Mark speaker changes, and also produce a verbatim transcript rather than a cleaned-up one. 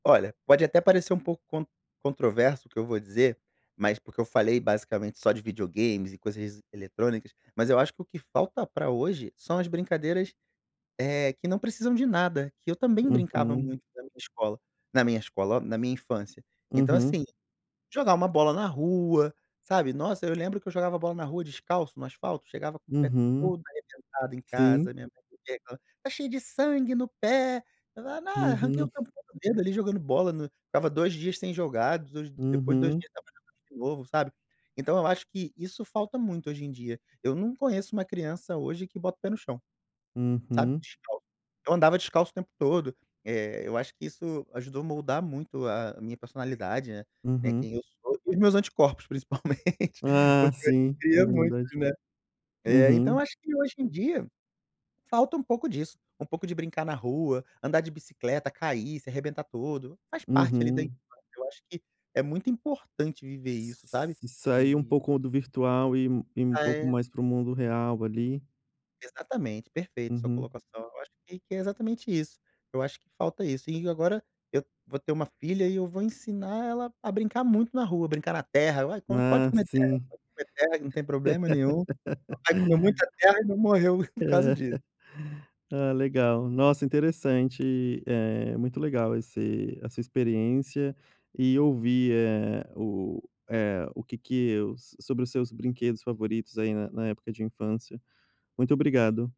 Speaker 1: Olha, pode até parecer um pouco con controverso o que eu vou dizer, mas porque eu falei, basicamente, só de videogames e coisas es eletrônicas, mas eu acho que o que falta pra hoje são as brincadeiras, eh, que não precisam de nada, que eu também brincava
Speaker 2: Uhum.
Speaker 1: muito na minha escola. Na minha escola, ó, na minha infância. Então,
Speaker 2: Uhum.
Speaker 1: assim, jogar uma bola na rua, sabe. Nossa, eu lembro que eu jogava bola na rua descalço no asfalto, chegava com o pé
Speaker 2: Uhum.
Speaker 1: todo arrebentado em
Speaker 2: Sim.
Speaker 1: casa, minha mãe [unintelligible] "tá cheio de sangue no pé", eu falava: "Ah, arranquei o
Speaker 2: Uhum.
Speaker 1: tampão do dedo ali, jogando bola no" ficava dois dias sem jogar, dos depois de dois
Speaker 2: Uhum.
Speaker 1: dias estava jogando de novo, sabe. Então eu acho que isso falta muito hoje em dia. Eu não conheço uma criança hoje que bota o pé no chão, sabe,
Speaker 2: Uhum.
Speaker 1: descalço. Eu andava descalço o tempo todo, eh, eu acho que isso ajudou moldar muito a a minha personalidade, né. Né, quem
Speaker 2: Uhum.
Speaker 1: eu sou, e os meus anticorpos principalmente,
Speaker 2: Ah,
Speaker 1: porque eu
Speaker 2: sim,
Speaker 1: adquiria muito,
Speaker 2: imunidade.
Speaker 1: né. É, então
Speaker 2: Uhum.
Speaker 1: acho que hoje em dia falta um pouco disso, um pouco de brincar na rua, andar de bicicleta, cair, se arrebentar todo, faz parte, ali, da
Speaker 2: Uhum.
Speaker 1: infância. Eu acho que é muito importante viver isso, sabe.
Speaker 2: S sair um
Speaker 1: E
Speaker 2: pouco do virtual, ir um ir um
Speaker 1: Ah,
Speaker 2: pouco
Speaker 1: é.
Speaker 2: mais para o mundo real, ali.
Speaker 1: Exatamente, perfeito sua
Speaker 2: Uhum.
Speaker 1: colocação, eu acho que que é exatamente isso. Eu acho que falta isso e e agora eu vou ter uma filha, e eu vou ensinar ela a brincar muito na rua, brincar na terra, eu: "Ai, come pode
Speaker 2: Ah,
Speaker 1: comer terra,
Speaker 2: sim.
Speaker 1: pode comer terra, que não tem problema nenhum. Papai comeu muita terra e não morreu por causa disso".
Speaker 2: Ah, legal. Nossa, interessante, eh, muito legal esse a sua experiência e ouvir, eh, o eh, o que que eus sobre os seus brinquedos favoritos, aí, na na época de infância. Muito obrigado.